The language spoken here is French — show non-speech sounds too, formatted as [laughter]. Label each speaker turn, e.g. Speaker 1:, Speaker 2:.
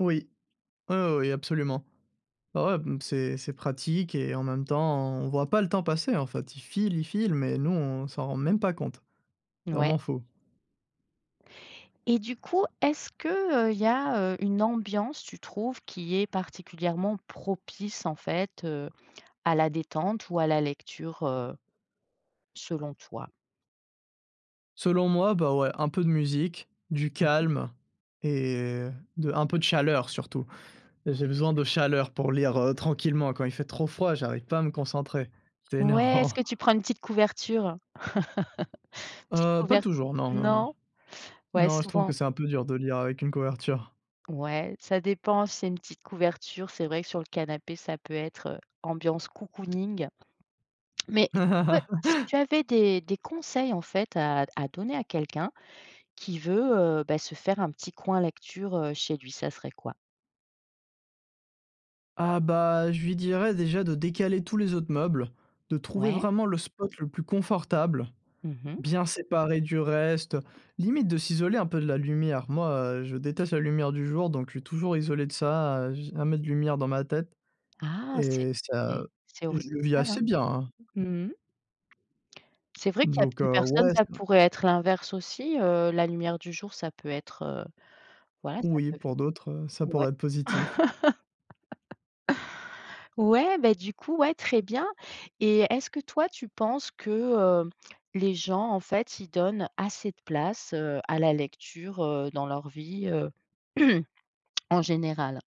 Speaker 1: Oui, heu, oui absolument. Ouais ouais, b mmh, c'est c'est pratique et en même temps on voit pas le temps passer en fait. Il file, il file, mais nous, on s'en rend même pas compte.
Speaker 2: Ouais.
Speaker 1: Vraiment fou.
Speaker 2: Et du coup, est-ce que, heu, il y a, heu, une ambiance, tu trouves, qui est particulièrement propice en fait, heu, à la détente ou à la lecture, heu, selon toi?
Speaker 1: Selon moi, bah, ouais, un peu de musique, du
Speaker 2: Mmh mh.
Speaker 1: calme et heu, de un peu de chaleur surtout. J'ai besoin de chaleur pour lire, heu, tranquillement. Quand il fait trop froid, j'arrive pas à me concentrer, c'est
Speaker 2: Ouais,
Speaker 1: énervant.
Speaker 2: est-ce que tu prends une petite couverture? [laughs] Petite
Speaker 1: Heu, pas
Speaker 2: couvert
Speaker 1: toujours non, non, non.
Speaker 2: non? Ouais
Speaker 1: Non, je trouve
Speaker 2: souvent
Speaker 1: que c'est un peu dur de lire avec une couverture.
Speaker 2: Ouais, ça dépend, si c'est une petite couverture, c'est vrai que sur le canapé ça peut être, heu, ambiance cocooning. Mais du coup, heu, si tu
Speaker 1: [laughs]
Speaker 2: avais des des conseils en fait à d à donner à quelqu'un qui veut, heu, bah, se faire un petit coin lecture, heu, chez lui, ça serait quoi?
Speaker 1: Ah bah, je lui dirais, déjà, de décaler tous les autres meubles, de trouver
Speaker 2: Ouais.
Speaker 1: vraiment le spot le plus confortable,
Speaker 2: Mmh mh.
Speaker 1: bien séparé du reste, limite de s'isoler un peu de la lumière. Moi, heu, je déteste la lumière du jour, donc je suis toujours isolé de ça, heu, j'ai jamais de lumière dans ma tête
Speaker 2: Ah c'est
Speaker 1: et ça
Speaker 2: c'est c'est
Speaker 1: et je
Speaker 2: original,
Speaker 1: le vis
Speaker 2: hein.
Speaker 1: assez bien, hein.
Speaker 2: Mmh mh. C'est vrai qu'il y a
Speaker 1: Donc,
Speaker 2: plus
Speaker 1: heu,
Speaker 2: personnes,
Speaker 1: ouais,
Speaker 2: ça
Speaker 1: ça
Speaker 2: pourrait être l'inverse aussi, heu, la lumière du jour, ça peut être, heu, voilà, ça
Speaker 1: Oui
Speaker 2: peut f
Speaker 1: pour d'autres, heu, ça
Speaker 2: mouais.
Speaker 1: pourrait être positif.
Speaker 2: [laughs] Ouais, beh, du coup ouais, très bien et est-ce que, toi, tu penses que, heu, les gens en fait, ils donnent assez de place, heu, à la lecture, heu, dans leur vie, heu? [clears throat] En général.